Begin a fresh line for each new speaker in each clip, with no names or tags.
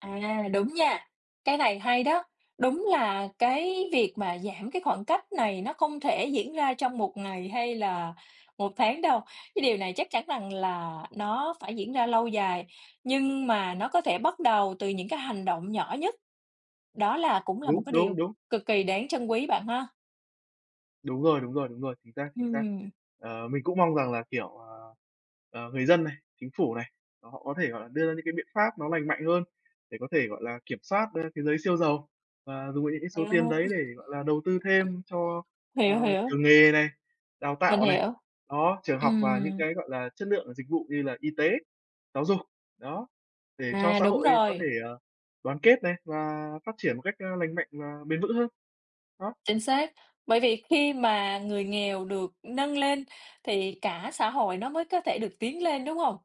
À, đúng nha, cái này hay đó. Đúng là cái việc mà giảm cái khoảng cách này nó không thể diễn ra trong 1 ngày hay là 1 tháng đâu. Cái điều này chắc chắn rằng là nó phải diễn ra lâu dài, nhưng mà nó có thể bắt đầu từ những cái hành động nhỏ nhất. Đó là cũng là một
Đúng,
cái điều
đúng, đúng.
cực kỳ đáng trân quý bạn ha?
Đúng rồi, đúng rồi, đúng rồi, chính xác, chính xác.
Ừm.
Ờ, mình cũng mong rằng là, kiểu, ờ, ờ, người dân này, chính phủ này, là họ có thể, gọi là, đưa ra những cái biện pháp nó lành mạnh hơn để có thể, gọi là, kiểm soát, a, cái giới siêu giàu và dùng vào những cái số tiền
Wow!
đấy để, gọi là, đầu tư thêm cho,
Hiểu,
ờ,
hiểu.
trường nghề này, đào
Mình
tạo này,
hiểu.
đó, trường học và những
Ừm.
cái, gọi là, chất lượng và dịch vụ như là y tế, giáo dục, đó, để cho
À,
xã
đúng
hội có thể,
rồi.
ờ, đoàn kết này và phát triển một cách, a, lành mạnh và bền vững hơn. Đó.
Chính xác, bởi vì khi mà người nghèo được nâng lên thì cả xã hội nó mới có thể được tiến lên, đúng hông?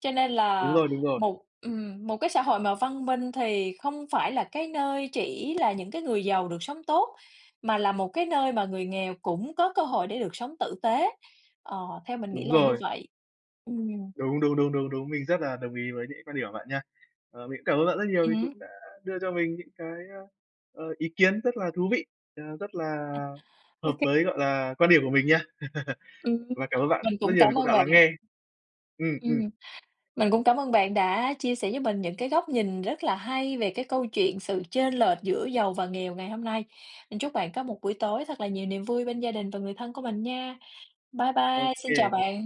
Cho nên
Đúng
là
rồi, đúng rồi.
một ừm, một cái xã hội mà văn minh thì không phải là cái nơi chỉ là những cái người giàu được sống tốt, mà là một cái nơi mà người nghèo cũng có cơ hội để được sống tử tế, ờ, theo mình nghĩ
Đúng
là như
rồi.
vậy. Ừm.
Đúng, đúng, đúng, đúng, đúng. Mình rất là đồng ý với những cái quan điểm của bạn nha. Ờ, mình cũng cảm ơn bạn rất nhiều
Ừm
vì
hứm.
cũng đã đưa cho mình những cái, a, ờ, ý kiến rất là thú vị, ờ, rất là
Ô
hợp
kê.
với, gọi là, quan điểm của mình nha.
Ừm.
Và cảm ơn bạn
Mình
rất
cũng
nhiều vì
cám
cũng
ơn
đã
bạn.
lắng nghe. Ừm, ừm.
Ừm, mình cũng cảm ơn bạn đã chia sẻ với mình những cái góc nhìn rất là hay về cái câu chuyện sự chênh lệch giữa giàu và nghèo ngày hôm nay. Mình chúc bạn có một buổi tối thật là nhiều niềm vui bên gia đình và người thân của mình nha. Bye
Ô
bye, xin chào
kê.
bạn!